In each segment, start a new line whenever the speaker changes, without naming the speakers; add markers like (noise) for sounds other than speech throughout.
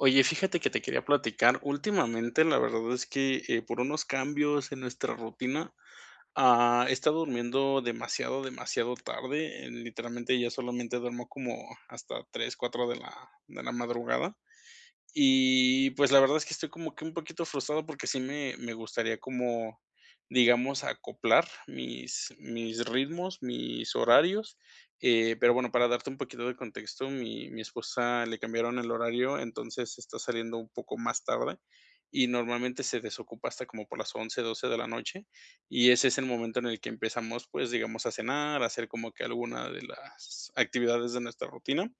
Oye, fíjate que, te quería platicar últimamente, la verdad es que, eh, por unos cambios en nuestra rutina, ah, he estado durmiendo demasiado, demasiado tarde, literalmente ya solamente duermo como hasta 3 4 de la de la madrugada, y pues, la verdad es que, estoy como que un poquito frustrado, porque sí me me gustaría como, digamos, acoplar mis mis ritmos, mis horarios, eh, pero bueno, para darte un poquito de contexto, mi mi esposa le cambiaron el horario, entonces está saliendo un poco más tarde, y normalmente se desocupa hasta como por las 11 12 de la noche, y ese es el momento en el que empezamos, pues digamos, a cenar, a hacer como que alguna de las actividades de nuestra rutina,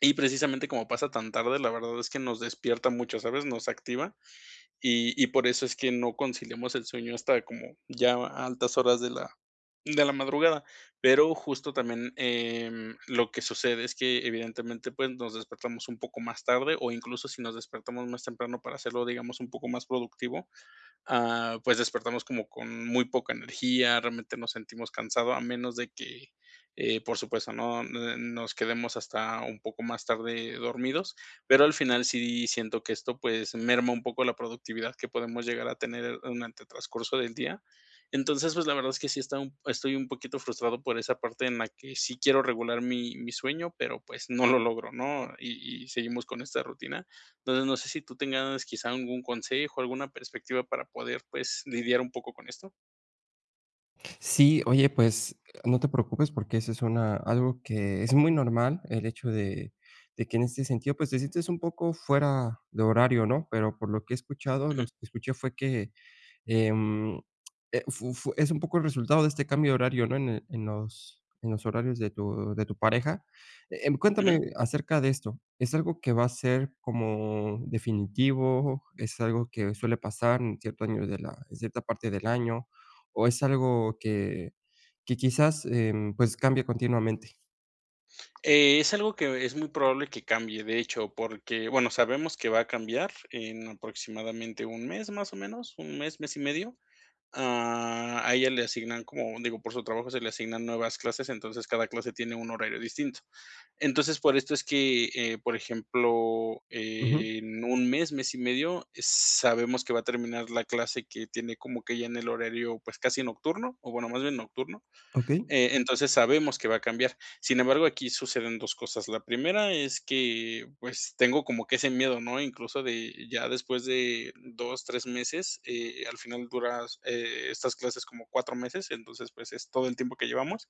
y precisamente como pasa tan tarde, la verdad es que nos despierta mucho, ¿sabes?, nos activa y y por eso es que no conciliamos el sueño hasta como ya a altas horas de la de la madrugada, pero justo también, em, lo que sucede es que, evidentemente, pues, nos despertamos un poco más tarde o incluso si nos despertamos más temprano para hacerlo, digamos, un poco más productivo, ah, pues, despertamos como con muy poca energía, realmente nos sentimos cansados, a menos de que, eh, por supuesto, no nos quedemos hasta un poco más tarde dormidos, pero al final sí siento que esto, pues, merma un poco la productividad que podamos llegar a tener durante el transcurso del día, entonces, pues, la verdad es que sí he estado, estoy, un poquito frustrado por esa parte en la que sí quiero regular mi mi sueño, pero pues, no lo logro ¿no?, y y seguimos con esta rutina, entonces, no sé si tú tengas quizá algún consejo, alguna perspectiva para poder, pues, lidiar un poco con esto.
Sí, oye, pues no te preocupes porque eso es una algo que es muy normal, el hecho de de que en este sentido, pues te sientes un poco fuera de horario, ¿no? Pero por lo que he escuchado, lo
Ujú.
que escuché fue que, em, e fu fu -es un poco el resultado de este cambio de horario, ¿no? En en los en los horarios de tu de tu pareja. Eh, cuéntame
Ujú.
acerca de esto, ¿es algo que va a ser como definitivo? ¿Es algo que suele pasar en cierto año de la en cierta parte del año o es algo que que quizás, em, pues, cambia continuamente?
Eh, es algo que es muy probable que cambie, de hecho, porque, bueno, sabemos que va a cambiar en aproximadamente un mes, más o menos, un mes, mes y medio. Ah, a ella le asignan, como, digo, por su trabajo se le asignan nuevas clases, entonces cada clase tiene un horario distinto. Entonces, por esto es que, eh, por ejemplo,
Ujú.
en un mes, mes y medio, sabemos que va a terminar la clase que tiene como que ya en el horario, pues casi nocturno, o bueno, más bien nocturno.
Okey.
Eh, entonces, sabemos que va a cambiar. Sin embargo, aquí suceden 2 cosas. La primera es que, pues, tengo como que ese miedo, ¿no? Incluso de ya después de 2 3 meses, eh, al final duras e estas clases como 4 meses, entonces, pues, es todo el tiempo que llevamos.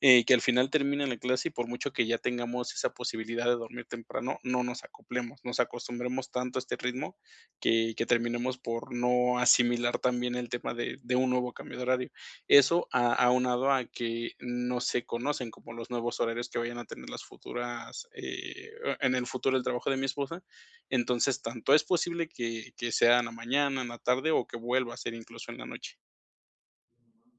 Eh, que al final termine la clase y, por mucho que ya tengamos esa posibilidad de dormir temprano, no nos acoplemos, nos acostumbremos tanto a este ritmo que que terminemos por no asimilar también el tema de de un nuevo cambio de horario. Eso a aunado a que no se conocen como los nuevos horarios que vayan a tener las futuras, eh, en el futuro el trabajo de mi esposa. Entonces, tanto es posible que que sea en la mañana, en la tarde o que vuelva a ser incluso en la noche.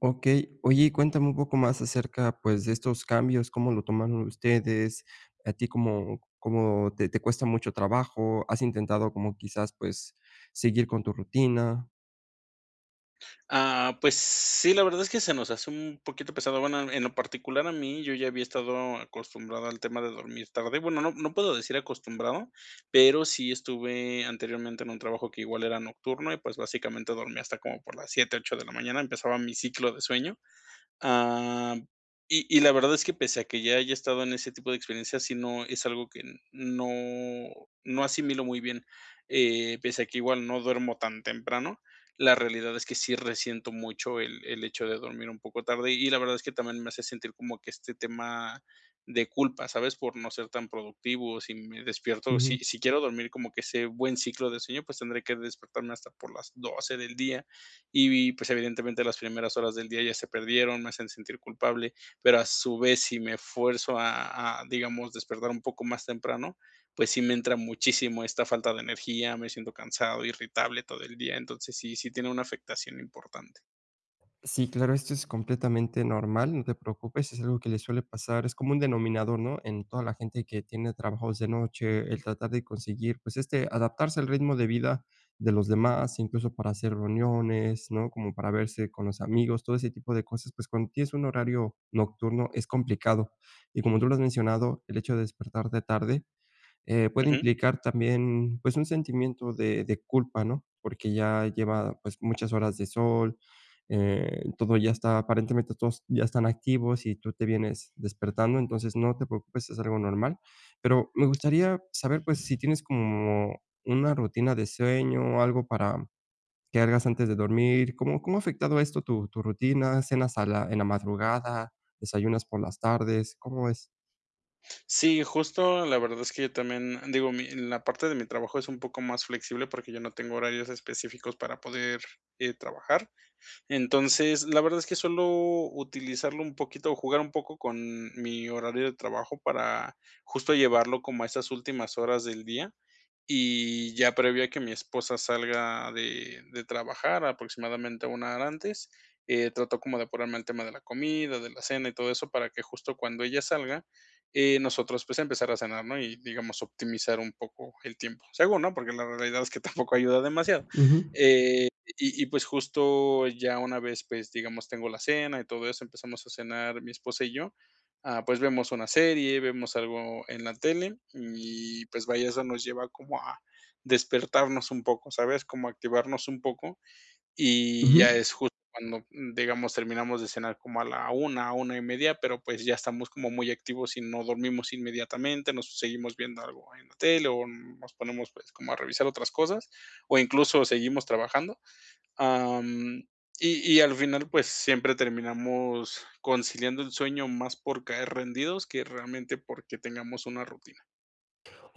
Okey. Oye, cuéntame un poco más acerca, pues, de estos cambios. ¿Cómo lo tomaron ustedes? ¿A ti cómo cómo te te cuesta mucho trabajo? ¿Has intentado, como quizás, pues, seguir con tu rutina?
Ah. Pues sí, la verdad es que se nos hace un poquito pesado. Bueno, en lo particular a mí, yo ya había estado acostumbrado al tema de dormir tarde, bueno, no, no puedo decir acostumbrado, pero sí estuve anteriormente en un trabajo que igual era nocturno y, pues, básicamente, dormía hasta como por las 7 8 de la mañana. Empezaba mi ciclo de sueño. Ah, y y la verdad es que, pese a que ya haya estado en ese tipo de experiencias, sí, no, es algo que no no asimilo muy bien. Eh, pese a que igual no duermo tan temprano, la realidad es que sí resiento mucho el el hecho de dormir un poco tarde, y la verdad es que también me hace sentir como que este tema de culpa, ¿sabes?, por no ser tan productivo. Si me despierto,
Ujú.
si si quiero dormir como que sea buen ciclo de sueño, pues tendré que despertarme hasta por las 12 del día y, pues, evidentemente, las primeras horas del día ya se perdieron, me hacen sentir culpable. Pero a su vez, si me esfuerzo a a, digamos, despertar un poco más temprano, pues sí me entra muchísimo esta falta de energía, me siento cansado, irritable todo el día. Entonces, sí, sí tiene una afectación importante.
Sí, claro, esto es completamente normal, no te preocupes, es algo que le suele pasar es como un denominador, ¿no?, en toda la gente que tiene trabajos de noche, el tratar de conseguir, pues, este, adaptarse al ritmo de vida de los demás, incluso para hacer reuniones, ¿no?, como para verse con los amigos. Todo ese tipo de cosas, pues, cuando tienes un horario nocturno, es complicado. Y como tú lo has mencionado, el hecho de despertar de tarde, eh, puede
Ujú.
implicar también, pues, un sentimiento de de culpa, ¿no? Porque ya lleva, pues, muchas horas de sol, eh, todo ya está, aparentemente, todos ya están activos y tú te vienes despertando. Entonces, no te preocupes, es algo normal. Pero me gustaría saber, pues, si tienes como una rutina de sueño o algo para que hagas antes de dormir. ¿Cómo cómo ha afectado esto tu tu rutina? ¿Cenas a la en la madrugada? ¿Desayunas por las tardes? ¿Cómo es?
Sí, justo. La verdad es que yo también digo, mi la parte de mi trabajo es un poco más flexible porque yo no tengo horarios específicos para poder, eh, trabajar. Entonces, la verdad es que suelo utilizarlo un poquito o jugar un poco con mi horario de trabajo para, justo, llevarlo como a esas últimas horas del día. Y ya previo a que mi esposa salga de de trabajar, aproximadamente una 1 hora antes, eh, trato como de ponerme al tema de la comida, de la cena y todo eso, para que justo cuando ella salga, eh, nosotros, pues, empezar a cenar, ¿no? Y, digamos, optimizar un poco el tiempo, según, ¿no? Porque la realidad es que tampoco ayuda demasiado.
Ujú.
Eh, y y pues justo ya una vez, pues, digamos, tengo la cena y todo eso, empezamos a cenar mi esposa y yo, ah, pues vemos una serie, vemos algo en la tele, y pues vaya, eso nos lleva como a despertarnos un poco, ¿sabes?, como a activarnos un poco. Y
Ujú.
ya es justo cuando, digamos, terminamos de cenar como a la 1:00, 1:30 pero pues ya estamos como muy activos y no dormimos inmediatamente, nos seguimos viendo algo en la tele, o nos ponemos, pues, como a revisar otras cosas, o incluso seguimos trabajando, am, y y al final, pues, siempre terminamos conciliando el sueño más por caer rendidos que realmente porque tengamos una rutina.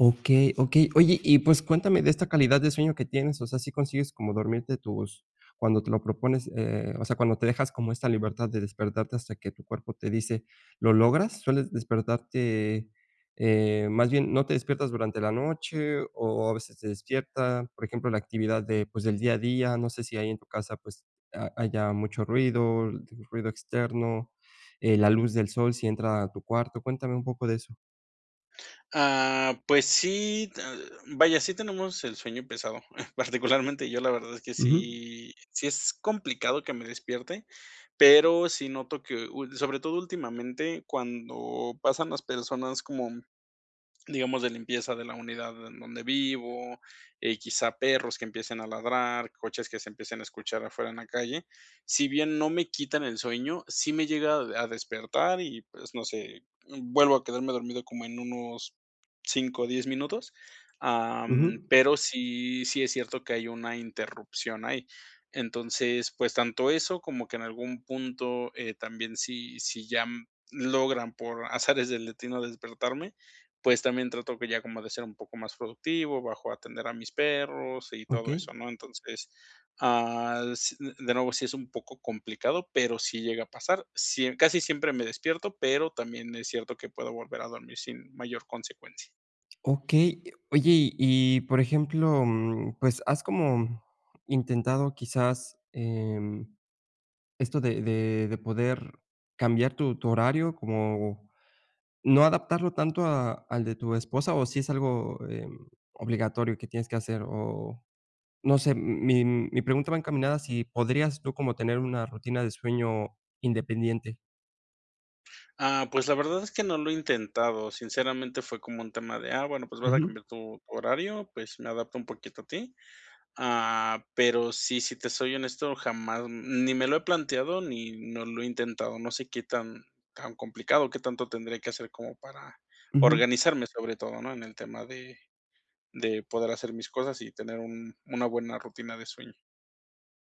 Okey, okey. Oye y pues cuéntame de esta calidad de sueño que tienes. O sea, ¿sí consigues como dormirte tus cuando te lo propones? Eh, o sea, cuando te dejas como esta libertad de despertarte hasta que tu cuerpo te dice, ¿lo logras? ¿Sueles despertarte? Eh, más bien, ¿no te despiertas durante la noche o o a veces te despierta? Por ejemplo, la actividad de, pues, del día a día, no sé si ahí en tu casa, pues ha haya mucho ruido, l ruido externo, eh, la luz del sol si entra a tu cuarto. Cuéntame un poco de eso.
Ah, pues sí, eh, vaya, sí tenemos el sueño pesado. (chuckles) Particularmente yo, la verdad es que
Ujú.
sí, sí es complicado que me despierte, pero sí noto que ul sobre todo últimamente, cuando pasan las personas, como, digamos, de limpieza de la unidad en donde vivo, eh, quizá perros que empiecen a ladrar, coches que se empiecen a escuchar afuera en la calle, si bien no me quitan el sueño, sí me llega a a despertar y, pues, no sé, mm, vuelvo a quedarme dormido como en unos 5 o 10 minutos, am,
Ujú.
pero sí, sí es cierto que hay una interrupción ahí. Entonces, pues tanto eso como que en algún punto eh, también si si ya mm, logran, por azares del destino, despertarme, pues también trato que ya como de ser un poco más productivo, bajo a atender a mis perros y todo
Okey.
eso, ¿no? Entonces ah s de nuevo, sí es un poco complicado, pero sí llega a pasar. Sí e casi siempre me despierto, pero también es cierto que puedo volver a dormir, sin mayor consecuencia.
Okey. Oye, y y, por ejemplo, mm, pues, ¿has como intentado quizás, em, esto de de de poder cambiar tu tu horario? ¿Como no adaptarlo tanto a al de tu esposa, o si es algo, eh, obligatorio que tienes que hacer?, o no sé, mi mi pregunta va encaminada, si podrías tú como tener una rutina de sueño independiente.
Ah, pues, la verdad es que no lo he intentado, sinceramente, fue como un tema de, ah, bueno, pues, vas a
Ujú.
cambiar tu horario, pues me adapto un poquito a ti. Ah, pero sí, si te soy honesto, jamás ni me lo he planteado ni no lo he intentado. No sé qué tan tan complicado, qué tanto tendría que hacer como para
Ujú.
organizarme, sobre todo, ¿no?, en el tema de de poder hacer mis cosas y tener un una buena rutina de sueño.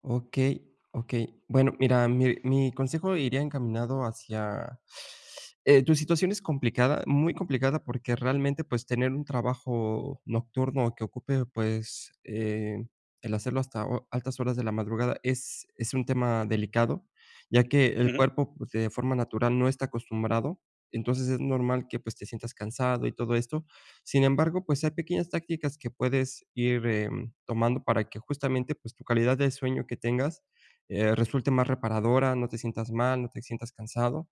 Okey, okey. Bueno, mira, mi mi consejo iría encaminado hacia, (sucks teeth) eh, tu situación es complicada, muy complicada porque realmente, pues, tener un trabajo nocturno que ocupe, pues, eh, el hacerlo hasta ho altas horas de la madrugada es es un tema delicado, ya que el
Ujú.
cuerpo, pues, de forma natural no está acostumbrado. Entonces, es normal que, pues, te sientas cansado y todo esto. Sin embargo, pues, hay pequeñas tácticas que puedes ir, eh, tomando para que justamente, pues, tu calidad de sueño que tengas, eh, resulte más reparadora, no te sientas mal, no te sientas cansado.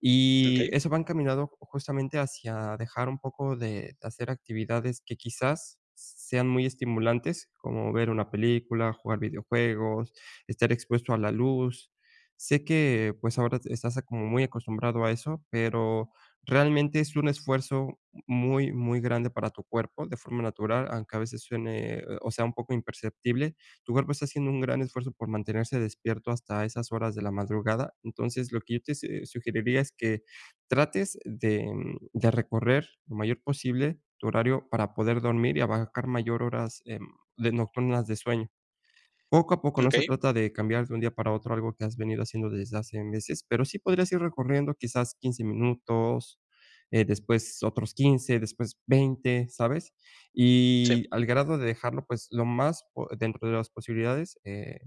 Y
Okey.
eso va encaminado justamente hacia dejar un poco de hacer actividades que quizás, sean muy estimulantes, como ver una película, jugar videojuegos, estar expuesto a la luz. Sé que, pues, ahora estás como muy acostumbrado a eso, pero realmente es un esfuerzo muy, muy grande para tu cuerpo de forma natural, aunque a veces suene, o sea, un poco imperceptible. Tu cuerpo está haciendo un gran esfuerzo por mantenerse despierto hasta esas horas de la madrugada. Entonces, lo que yo te se sugeriría es que trates de de recorrer lo mayor posible tu horario para poder dormir y abarcar mayor horas, em, de nocturnas de sueño. Poco a poco, no se
Okey.
trata de cambiar de un día para otro algo que has venido haciendo desde hace meses, pero sí podrías ir recorriendo quizás 15 minutos, eh, después otros 15 después 20 ¿sabes?,
Sí.
y al grado de dejarlo, pues, lo más po dentro de las posibilidades, eh,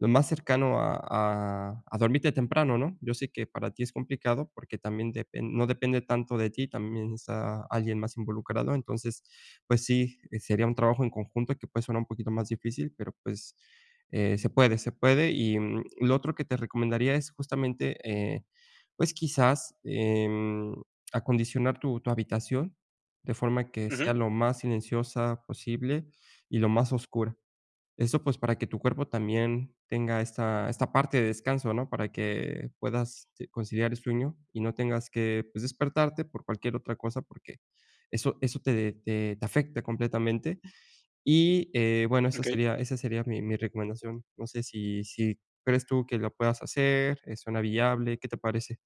lo más cercano a a a dormirte temprano, ¿no?, yo sé que para ti es complicado, porque también depen no depende tanto de ti, también está alguien más involucrado. Entonces, pues sí, sería un trabajo en conjunto que puede sonar un poquito más difícil, pero, pues, eh, se puede, se puede. Y lo otro que te recomendaría es justamente, eh, pues quizás, em, acondicionar tu tu habitación de forma que
Ujú.
sea lo más silenciosa posible y lo más oscura. Eso, pues, para que tu cuerpo también tenga esta esta parte de descanso, ¿no?, para que puedas, sí, conciliar el sueño y no tengas que, pues, despertarte por cualquier otra cosa, porque eso eso te te te afecta completamente. Y, eh, bueno, esa
Okey.
sería esa sería mi mi recomendación. No sé, si si crees tú que lo puedas hacer, eh, suena viable, ¿qué te parece?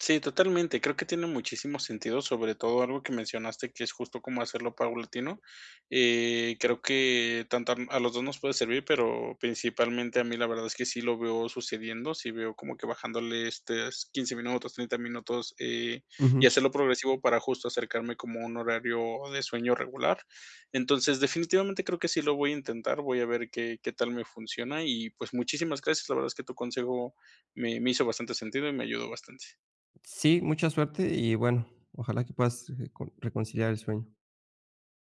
Sí, totalmente. Creo que tiene muchísimo sentido, sobre todo algo que mencionaste que es justo cómo hacerlo paulatino. Eh, creo que tanto a a los 2 nos puede servir, pero principalmente a mí la verdad es que sí lo veo sucediendo, sí veo como que bajándole estos 15 minutos, 30 minutos, eh,
Ujú.
y hacerlo progresivo para justo, acercarme como a un horario de sueño regular. Entonces, definitivamente creo que sí lo voy a intentar, voy a ver qué qué tal me funciona y, pues, muchísimas gracias. La verdad es que tu consejo me me hizo bastante sentido y me ayudó bastante.
Sí, mucha suerte y, bueno, ojalá que puedas reco reconciliar el sueño.